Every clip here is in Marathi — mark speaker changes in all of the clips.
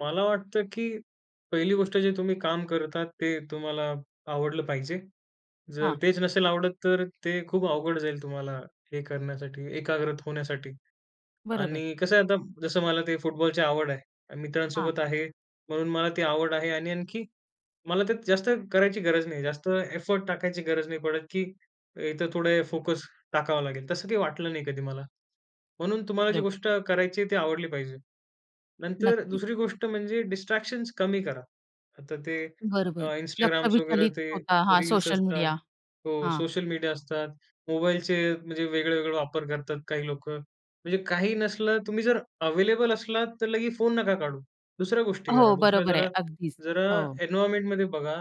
Speaker 1: मला वाटतं की 1ली गोष्ट जे तुम्ही काम करतात ते तुम्हाला आवडलं पाहिजे. जर
Speaker 2: हां.
Speaker 1: तेच नसेल आवडत तर ते खूप अवघड जाईल तुम्हाला हे करण्यासाठी, एकाग्रत होण्यासाठी.
Speaker 2: बरोबर.
Speaker 1: आणि कसं आहे आता जसं मला ते फुटबॉलची आवड आहे.
Speaker 2: हां.
Speaker 1: मित्रांसोबत आहे म्हणून मला ते आवड आहे आणि आणखी मला ते जास्त करायची गरज नाही. जास्त एफोर्ट टाकायची गरज नाही पडत की इथं थोडे फोकस टाकावा लागेल. तसं काही वाटलं नाही कधी मला. म्हणून तुम्हाला जी
Speaker 2: बरोबर.
Speaker 1: गोष्ट करायची ती आवडली पाहिजे. नंतर
Speaker 2: नक्कीच.
Speaker 1: 2री गोष्ट म्हणजे डिस्ट्रॅक्शन्स कमी करा. आता ते अ,
Speaker 2: बरोबर. लक्ष
Speaker 1: Instagram वगैरे
Speaker 2: विचलित
Speaker 1: ते
Speaker 2: होता. हां.
Speaker 1: रील्स
Speaker 2: सोशल
Speaker 1: असतात.
Speaker 2: मीडिया.
Speaker 1: हो
Speaker 2: हां.
Speaker 1: सोशल मीडिया असतात. मोबाईलचे म्हणजे वेगळे-वेगळे वापर करतात काही लोकं. म्हणजे काही नसलं तुम्ही जर अवेलेबल असलात तर लगेच फोन नका काढू. दुसऱ्या गोष्टी करा.
Speaker 2: हो,
Speaker 1: दुसऱ्या
Speaker 2: बरोबर आहे.
Speaker 1: जरा,
Speaker 2: अगदीच,
Speaker 1: जरा
Speaker 2: हो.
Speaker 1: एन्व्हायर्नमेंटमध्ये बघा.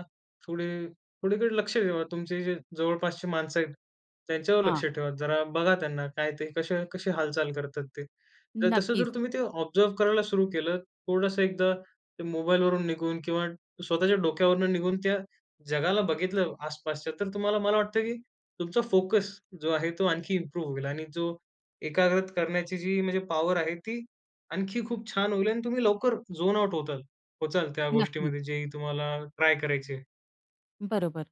Speaker 1: थोडी थोडीकडे लक्ष ठेवा. तुमचे जे जवळपासची माणसं आहेत त्यांच्यावर
Speaker 2: हां.
Speaker 1: लक्ष ठेवा. जरा बघा त्यांना काय ते कसे, कसे हालचाल करतात ते. तर तसं
Speaker 2: नक्कीच.
Speaker 1: जर तुम्ही ते ऑब्झर्व्ह करायला सुरु केलं, थोडंसं एकदा ते मोबाईलवरून निघून किंवा स्वतःच्या डोक्यावरून निघून त्या जगाला बघितलं, आसपासच्या तर तुम्हाला मला वाटतं की तुमचा फोकस जो आहे तो आणखी इम्प्रूव्ह होईल आणि जो एकाग्रत करण्याची जी म्हणजे पॉवर आहे ती आणखी खूप छान होईल आणि तुम्ही लवकर झोन आउट होताल पोहोचाल त्या
Speaker 2: नक्कीच.
Speaker 1: गोष्टीमध्ये जे तुम्हाला ट्राय करायची आहे.
Speaker 2: बरोबर.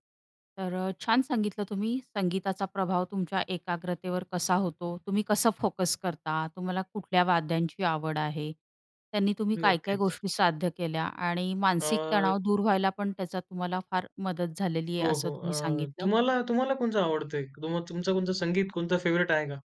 Speaker 2: तर अ, छान सांगितलं तुम्ही संगीताचा प्रभाव तुमच्या एकाग्रतेवर कसा होतो. तुम्ही कसं फोकस करता, तुम्हाला कुठल्या वाद्यांची आवड आहे. त्यांनी तुम्ही काय काय
Speaker 1: नक्कीच.
Speaker 2: गोष्टी साध्य केल्या आणि मानसिक
Speaker 1: अ.
Speaker 2: तणाव दूर व्हायला पण त्याचा तुम्हाला फार मदत झालेली आहे
Speaker 1: हो,
Speaker 2: असं
Speaker 1: हो.
Speaker 2: तुम्ही
Speaker 1: अ,
Speaker 2: सांगितलं.
Speaker 1: तुम्हाला, तुम्हाला कोणतं आवडतं आहे? तुम तुमचं कोणतं संगीत कोणतं फेव्हराइट आहे का?